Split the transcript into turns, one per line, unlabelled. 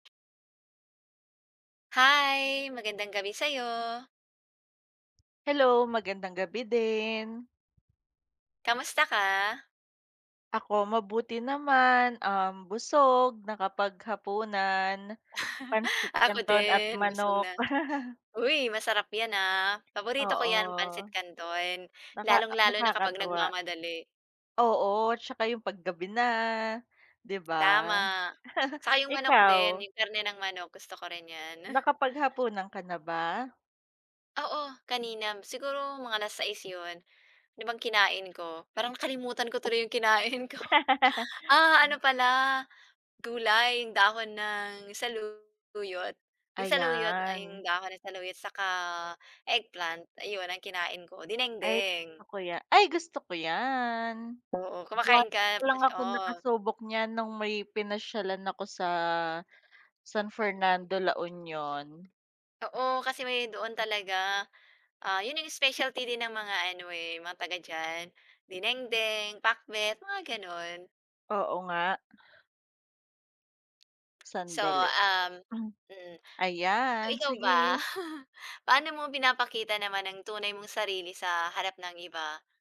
Hi, magandang gabi sa'yo.
Hello, magandang gabi din.
Kamusta ka?
Ako mabuti naman, um, busog nakapaghapunan pansit
Ako
kanton at
din busog
manok.
na uy, masarap 'yan ah, paborito ko 'yan pansit
Oo.
kanton,
Naka
lalong-lalo na kapag
nakakatuwa.
nagmamadali.
Oo, 'tsaka yung pag gabi na, di ba?
Tama, saka 'yong manok din
Ikaw?
'yong karne ng manok gusto ko rin 'yan.
Nakapaghapunan ka na ba?
Oo, kanina siguro mga 6:00 'yon, ano bang kinain ko parang nakalimutan ko tuloy 'yong kinain ko, ah, ano pala gulay, yung dahon ng saluyot, 'yong saluyot 'yong
Ayan.
dahon ng saluyot saka eggplant, ayun ang kinain ko,
Ay
dinengdeng.
gusto ko ya ay gusto ko yan,
Oo, kumakain
once
ka
lang
fresh,
akong
oo.
nakasubok niyan nung may pinasyalan ako sa, San Fernando, La Union.
Oo, kasi may doon talaga, ah, 'yon 'yong specialty din ng mga ano, eh, mga taga diyan, dinengdeng, pakbet, mga gano'n.
Oo nga.
So
Sandali.
um mm. So
Ayan,
ikaw ba?
sige.
Paano mo pinapakita naman ang tunay mong sarili sa harap ng iba?